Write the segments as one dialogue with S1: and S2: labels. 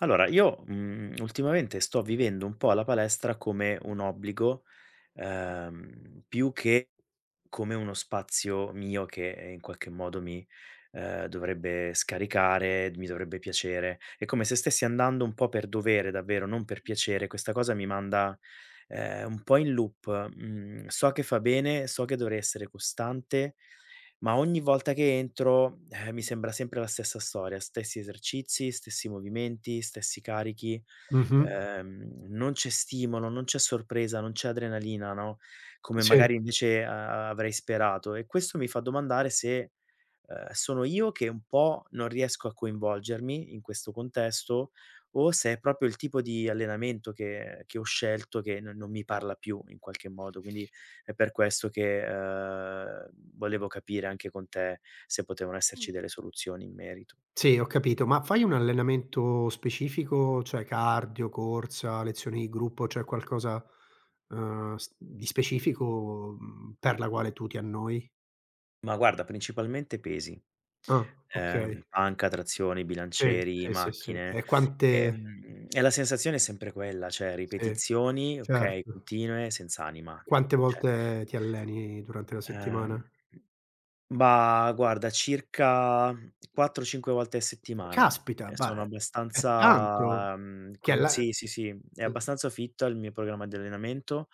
S1: Allora io, mhmm, ultimamente sto vivendo un po' la palestra come un obbligo, uhm, più che come uno spazio mio che, in qualche modo mi, uhm, dovrebbe scaricare, mi dovrebbe piacere. È come se stessi andando un po' per dovere davvero, non per piacere. Questa cosa mi manda, ehm, un po' in loop. Mhmm, so che fa bene, so che dovrei essere costante, ma ogni volta che entro, uhm, mi sembra sempre la stessa storia, stessi esercizi, stessi movimenti, stessi carichi,
S2: Mh-mh.
S1: uhm, non c'è stimolo, non c'è sorpresa, non c'è adrenalina, no, come
S2: Sì.
S1: magari invece a avrei sperato e questo mi fa domandare se, uhm, sono io che un po' non riesco a coinvolgermi, in questo contesto o se è proprio il tipo di allenamento che che ho scelto che non non mi parla più, in qualche modo. Quindi è per questo che, uhm, volevo capire, anche con te, se potevano esserci delle soluzioni in merito.
S2: Sì, ho capito, ma fai un allenamento specifico? Cioè cardio, corsa, lezioni di gruppo, cioè qualcosa, uhm, s di specifico, mhmm, per la quale tu ti annoi?
S1: Ma guarda principalmente pesi,
S2: Ah,
S1: ehm,
S2: okay.
S1: panca, trazioni,
S2: Sì,
S1: bilancieri,
S2: sì, sì, sì.
S1: macchine,
S2: E quante
S1: ehm, e la sensazione è sempre quella, cioè
S2: Sì,
S1: ripetizioni, okay,
S2: certo.
S1: continue, senz'anima,
S2: Quante
S1: cioè
S2: volte ti alleni durante la
S1: Uhm,
S2: settimana?
S1: bah, guarda, circa 4, 5 volte a settimana
S2: Caspita,
S1: e
S2: ba
S1: sono
S2: uhm, è tanto
S1: abbastanza, mhmm,
S2: che alla
S1: consi sì, sì, sì, è
S2: uhm
S1: abbastanza fit il mio programma di allenamento.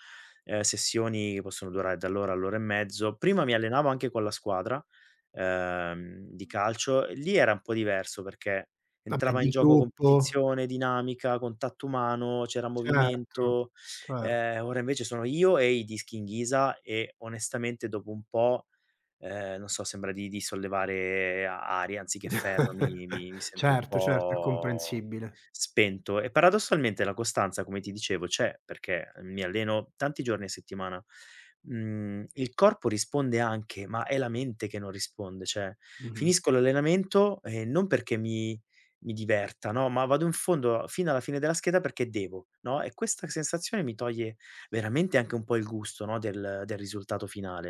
S1: Uhm, sessioni possono durare dall'ora all'ora e mezzo. Prima mi allenavo anche con la squadra, uhm, di calcio; lì era un po' diverso, perché
S2: Vabbè
S1: entrava in
S2: di
S1: gioco
S2: gruppo
S1: competizione, dinamica, contatto umano, c'era
S2: Certo,
S1: movimento.
S2: cer
S1: Ehm, ora invece sono io e i dischi in ghisa e, onestamente, dopo un po', ehm, non so sembra di di sollevare aria anziché ferro mi mi mi sento un
S2: Certo, certo, è
S1: po'
S2: comprensibile.
S1: spento e, paradossalmente, la costanza, come ti dicevo, c'è perché mi alleno tanti giorni a settimana. Mhmm, il corpo risponde anche, ma è la mente che non risponde, cioè
S2: Mh-mh.
S1: finisco l'allenamento e non perché mi mi diverta, no, ma vado in fondo a fino alla fine della scheda perché devo, no, e questa sensazione mi toglie veramente anche un po' il gusto, no, del del risultato finale.